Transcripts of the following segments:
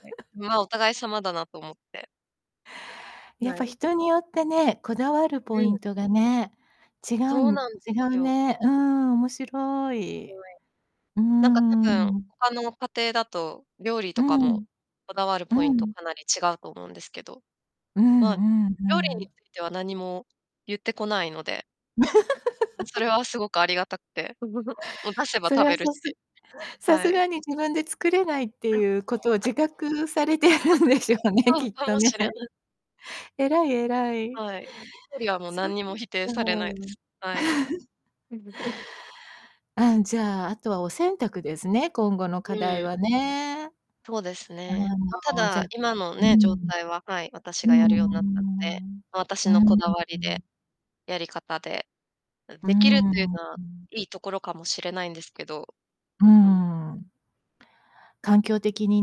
ほへ、ま、お互い様だなと思って。やっなぱい。人によってね、こだわるポうイん。ントがね、違うそうんなんで違すうよ。ね。うん、面白ほい。え。うーなんか多分ん。他の家庭だと料理うとかもん。こだわるうポイントん。かなり違うと思うんですけど。うま、んうんう料理にん。ついては何も言ってこないのでうん、それ はすごくありがたくて。もう出せばそ食れはべるさすし。さはすい。がに自分で作れないっていうことを自 [unintelligible] 覚されてるんでしょ [unintelligible] うね、そうきっかともね。しれない。偉い偉い。はい。料理はもうそっ何にも否定されないです。か。はい。あん、じゃあ、後はお洗濯ですね、今後の課う題ん。はね。あとうですね。ま、たの、じゃだ、今のうね、状ん。態ははい、う私ーがやるようなったので、ん。ま、私うーのこだわりで、ん。やり方で、ううー出来るっていうのはん。良いところかもしれないんですけど。うーうん。ん。環境的に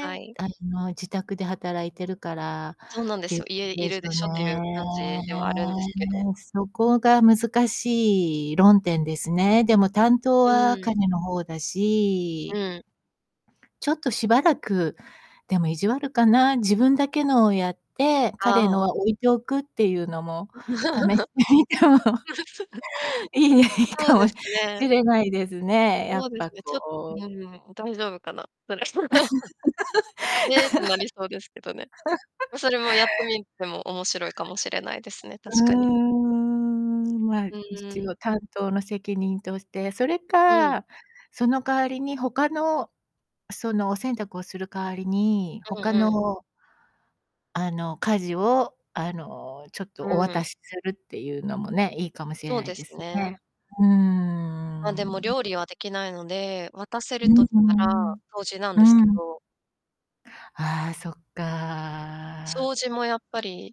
はい。あの、自宅で働いてるからそうなんっでてすいうよ。こ家といでるすでよしょっていうね。感じではあるんですけど。そこが難しい論点ですね。でも担当うはん。彼の方だうしん。ちょっとしばらく、でも意地悪かな、自分だけのをやって、彼あのあ。は置いておくっていうのも、試してみても いいね、いいそうかもでしすね。れないですね、やそっうですぱね、ちょこううん、大丈夫かな。「へえ」ってなりそうですけどね。ま、それもやってみても面白いかもしれないですね、う確かに。ーんま、うんう一ん。応担当の責任として。それうん。か、その代わりに他の、その、お洗濯をする代わりに、うん他うん。のあの、家事をあの、ちょっとうおん。渡しするっていうのもね、いいかもしれそうないでですすね。ね。うーま、でもん。料理はできないので、渡せうるん、うとたーら、ん。掃除なんですうけん。ど。ああ、そっか。掃除もやっぱり。